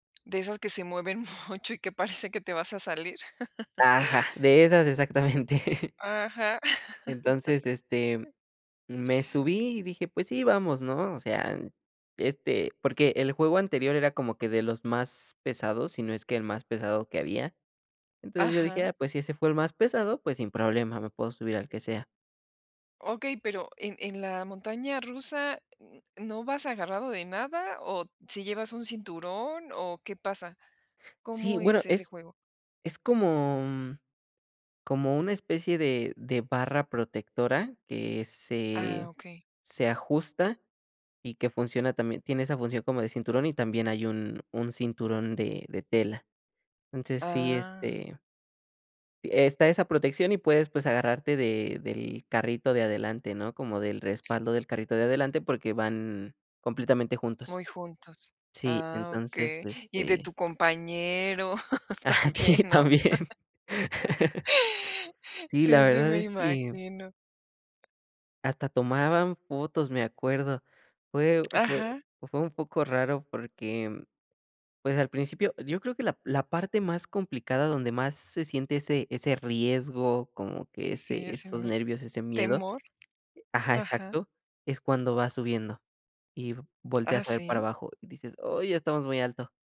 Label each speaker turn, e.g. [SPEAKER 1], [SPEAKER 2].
[SPEAKER 1] De esas que se mueven mucho y que parece que te vas a salir.
[SPEAKER 2] Ah, ja, de esas exactamente.
[SPEAKER 1] Ajá.
[SPEAKER 2] Entonces, este, me subí y dije: "Pues sí, vamos", ¿no?, o sea, este porque el juego anterior era como que de los más pesados, si no es que el más pesado que había, entonces, yo dije:
[SPEAKER 1] Ajá.
[SPEAKER 2] "Ah, pues si ese fue el más pesado, pues sin problema, me puedo subir al que sea".
[SPEAKER 1] Okey, pero en en la montaña rusa n ¿no vas agarrado de nada?, o sí llevas un cinturón o, ¿qué pasa?
[SPEAKER 2] Sí,
[SPEAKER 1] ¿Cómo
[SPEAKER 2] bueno,
[SPEAKER 1] es ese
[SPEAKER 2] es
[SPEAKER 1] juego?
[SPEAKER 2] es como como una especie de de barra protectora que
[SPEAKER 1] Ah,
[SPEAKER 2] se
[SPEAKER 1] okey.
[SPEAKER 2] se ajusta y que funciona también tiene esa función como de cinturón y también hay un un cinturón de de tela. Entonces, sí,
[SPEAKER 1] Ah.
[SPEAKER 2] este está esa protección y puedes, pues agarrarte de del carrito de adelante, ¿no?, como del respaldo del carrito de adelante, porque van completamente juntos.
[SPEAKER 1] Muy juntos.
[SPEAKER 2] Sí,
[SPEAKER 1] Ah,
[SPEAKER 2] entonces,
[SPEAKER 1] okey, y de
[SPEAKER 2] este
[SPEAKER 1] tu compañero
[SPEAKER 2] Ah,
[SPEAKER 1] también,
[SPEAKER 2] sí,
[SPEAKER 1] ¿no?
[SPEAKER 2] también Sí, la
[SPEAKER 1] Sí, sí
[SPEAKER 2] verdad
[SPEAKER 1] me
[SPEAKER 2] es que
[SPEAKER 1] imagino.
[SPEAKER 2] hasta tomaban fotos, me acuerdo. Fue fue
[SPEAKER 1] Ajá.
[SPEAKER 2] fue un poco raro porque, pues al principio yo creo que la la parte más complicada donde más se siente ese ese riesgo, como que ese
[SPEAKER 1] Sí, ese
[SPEAKER 2] esos
[SPEAKER 1] mi
[SPEAKER 2] nervios, ese miedo
[SPEAKER 1] temor.
[SPEAKER 2] ajá,
[SPEAKER 1] Ajá.
[SPEAKER 2] exacto, es cuando vas subiendo y
[SPEAKER 1] Ah,
[SPEAKER 2] volteas a ver para
[SPEAKER 1] ¿sí?
[SPEAKER 2] abajo y dices: "Ay, ya estamos muy alto".